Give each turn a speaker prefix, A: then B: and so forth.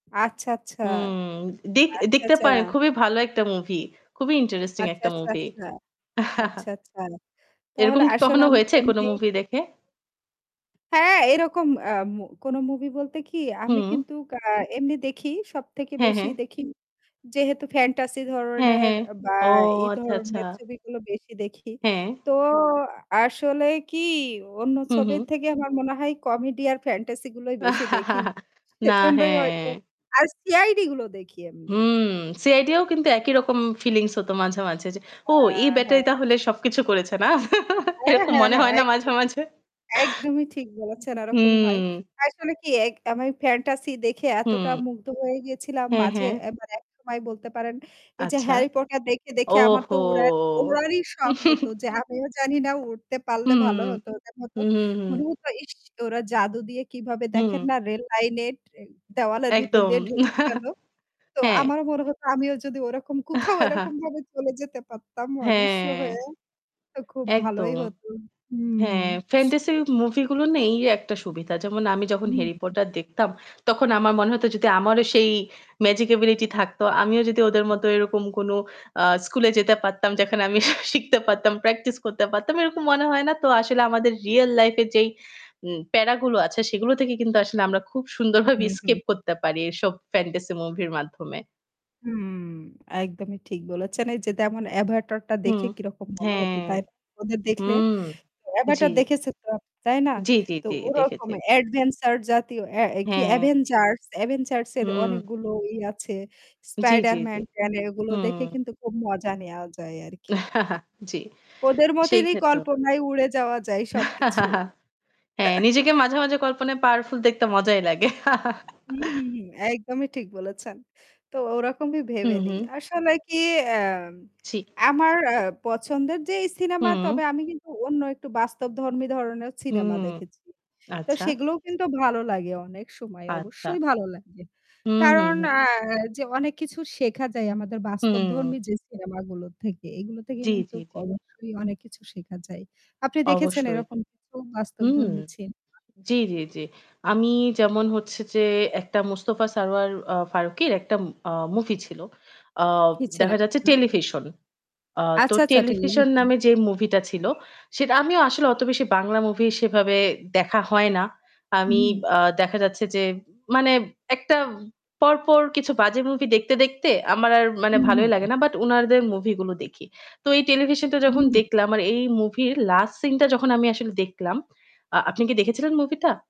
A: আচ্ছা, আচ্ছা।
B: হুম, দেখ
A: আচ্ছা,
B: দেখতে
A: আচ্ছা।
B: পারেন খুবই ভালো একটা movie। খুবই interesting
A: আচ্ছা,
B: একটা
A: আচ্ছা,
B: movie।
A: আচ্ছা। আচ্ছা, আচ্ছা।
B: এরকম
A: তাহলে
B: কি
A: আসলে
B: কখনো
A: আমি তো
B: হয়েছে কোন
A: এমনি।
B: movie দেখে?
A: হ্যাঁ, এরকম আ মো কোনো movie বলতে কি আমি
B: হুম।
A: কিন্তু আ এমনি দেখি। সবথেকে
B: হ্যাঁ,
A: বেশি
B: হ্যাঁ।
A: দেখি, যেহেতু fantasy
B: হ্যাঁ,
A: ধরনের
B: হ্যাঁ।
A: বা
B: ও
A: এই
B: আচ্ছা, আচ্ছা।
A: ধরনের ছবিগুলো বেশি দেখি।
B: হ্যাঁ।
A: তো আসলে কি অন্য
B: হুম, হুম।
A: ছবির থেকে আমার মনে হয় comedy আর fantasy গুলোই বেশি দেখি।
B: না,
A: সেজন্যই হয়তো।
B: হ্যাঁ।
A: আর CID গুলো দেখি এমনি।
B: হুম, CID-ও কিন্তু একই রকম feelings হতো মাঝে, মাঝে, যে, "ও এই
A: হ্যাঁ,
B: ব্যাটাই
A: হ্যাঁ।
B: তাহলে সবকিছু করেছে, না"?
A: হ্যাঁ,
B: এরকম
A: হ্যাঁ,
B: মনে
A: হ্যাঁ,
B: হয় না মাঝে
A: একদমই।
B: মাঝে?
A: একদমই ঠিক বলেছেন। ওরকমই হয়।
B: হুম।
A: আসলে কি এক আমি fantasy দেখে এতটা
B: হুম।
A: মুগ্ধ হয়ে গিয়েছিলাম
B: হ্যাঁ,
A: মাঝে,
B: হ্যাঁ।
A: এ্যা মানে একসময় বলতে পারেন। এই যে
B: আচ্ছা।
A: 'Harry Potter' দেখে, দেখে, আমার তো
B: ওহো!
A: উরার উড়ারই শখ হতো যে আমিও জানিনা উড়তে পারলে
B: হুম।
A: ভালো হতো, কেমন
B: হু,
A: হতো।
B: হু, হুম।
A: মনে হতো ইশ! ওরা জাদু দিয়ে কিভাবে
B: হুম।
A: দেখেন না রেল লাইনের [unintelligible] দেওয়ালের ভিতর
B: একদম
A: দিয়ে ঢুকে গেল। তো
B: হ্যাঁ।
A: আমারও মনে হতো আমিও যদি ওরকম কোথাও এরকমভাবে চলে যেতে পারতাম অদৃশ্য
B: হ্যাঁ
A: হয়ে, তো খুব ভালোই
B: একদম।
A: হতো। হুম।
B: হ্যাঁ, fantasy movie গুলোর না এই একটা সুবিধা। যেমন আমি যখন 'Harry
A: হুম।
B: Potter' দেখতাম তখন আমার মনে হতো যদি আমারও সেই magic ability থাকতো, আমিও যদি ওদের মতো এরকম কোনো, আ স্কুলে যেতে পারতাম যেখানে আমি শিখতে পারতাম, practice করতে পারতাম, এরকম মনে হয় না? তো আসলে আমাদের real life-এ যেই, উম প্যারাগুলো আছে সেগুলো থেকে কিন্তু আসলে আমরা খুব সুন্দরভাবে
A: হু, হুম।
B: escape করতে পারি এইসব fantasy movie-র মাধ্যমে।
A: হুম, একদমই ঠিক বলেছেন। এই যে যেমন 'Avatar' টা
B: হুম।
A: দেখে কিরকম মনে হতো
B: হ্যাঁ।
A: তাই না? ওদের দেখলে।
B: হুম। জি।
A: 'Avatar' দেখেছো তো, তাই না?
B: জি। জি,
A: তো
B: জি, জি,
A: ওরকম
B: দেখেছি।
A: adventure জাতীয়, এ্যা কি
B: হ্যাঁ।
A: Avengers, Avengers এর
B: হুম।
A: অনেকগুলো ই আছে।
B: জি, জি, জি।
A: Spider-Man ট্যান কেন এগুলো দেখে
B: হুম।
A: কিন্তু খুব মজা নেওয়া যায় আর কি।
B: জি।
A: ওদের
B: সেই
A: মতনই
B: ক্ষেত্রেও।
A: কল্পনায় উড়ে যাওয়া যায় সবকিছু।
B: হ্যাঁ, নিজেকে মাঝে, মাঝে, কল্পনায় powerful দেখতে মজাই লাগে।
A: হুম, হুম, হুম। একদমই ঠিক বলেছেন। তো ওরকমই ভেবে
B: হুম,
A: নিই।
B: হুম।
A: আসলে কি এ্যা
B: জি।
A: আমার আ পছন্দের যে এই cinema
B: হুম।
A: তবে আমি কিন্তু অন্য একটু বাস্তবধর্মী ধরনেরও cinema
B: হুম।
A: দেখেছি। তো
B: আচ্ছা।
A: সেগুলোও কিন্তু ভালো লাগে অনেক সময়।
B: আচ্ছা।
A: অবশ্যই ভালো লাগে।
B: হুম, হুম,
A: কারণ
B: হুম।
A: আ যে অনেক কিছু শেখা যায় আমাদের বাস্তবধর্মী
B: হুম।
A: যে cinema গুলো থেকে। এগুলো থেকে
B: জি,
A: কিন্তু
B: জি, জি।
A: অবশ্যই অনেক কিছু শেখা যায়। আপনি দেখেছেন
B: অবশ্যই।
A: এরকম কিছু
B: হুম।
A: বাস্তবধর্মী cinema?
B: জি, জি, জি। আমি যেমন হচ্ছে যে একটা মোস্তফা সরয়ার, আ ফারুকীর একটা, উম আ movie ছিল। অ দেখা যাচ্ছে
A: [unintelligible]
B: Television। আ তো
A: আচ্ছা, আচ্ছা।
B: 'Television'
A: television.
B: নামে যে movie টা ছিল সেটা আমিও আসলে অত বেশি বাংলা movie সেভাবে দেখা হয় না। আমি,
A: হুম।
B: আ দেখা যাচ্ছে যে মানে একটা পরপর কিছু বাজে movie দেখতে, দেখতে, আমার আর মানে
A: হু, হু,
B: ভালোই লাগে
A: হু।
B: না। But উনাদের movie গুলো দেখি। তো এই Television-টা যখন
A: হুম।
B: দেখলাম আর এই movie-র last scene-টা যখন আমি আসলে দেখলাম আ আপনি কি দেখেছিলেন movieটা?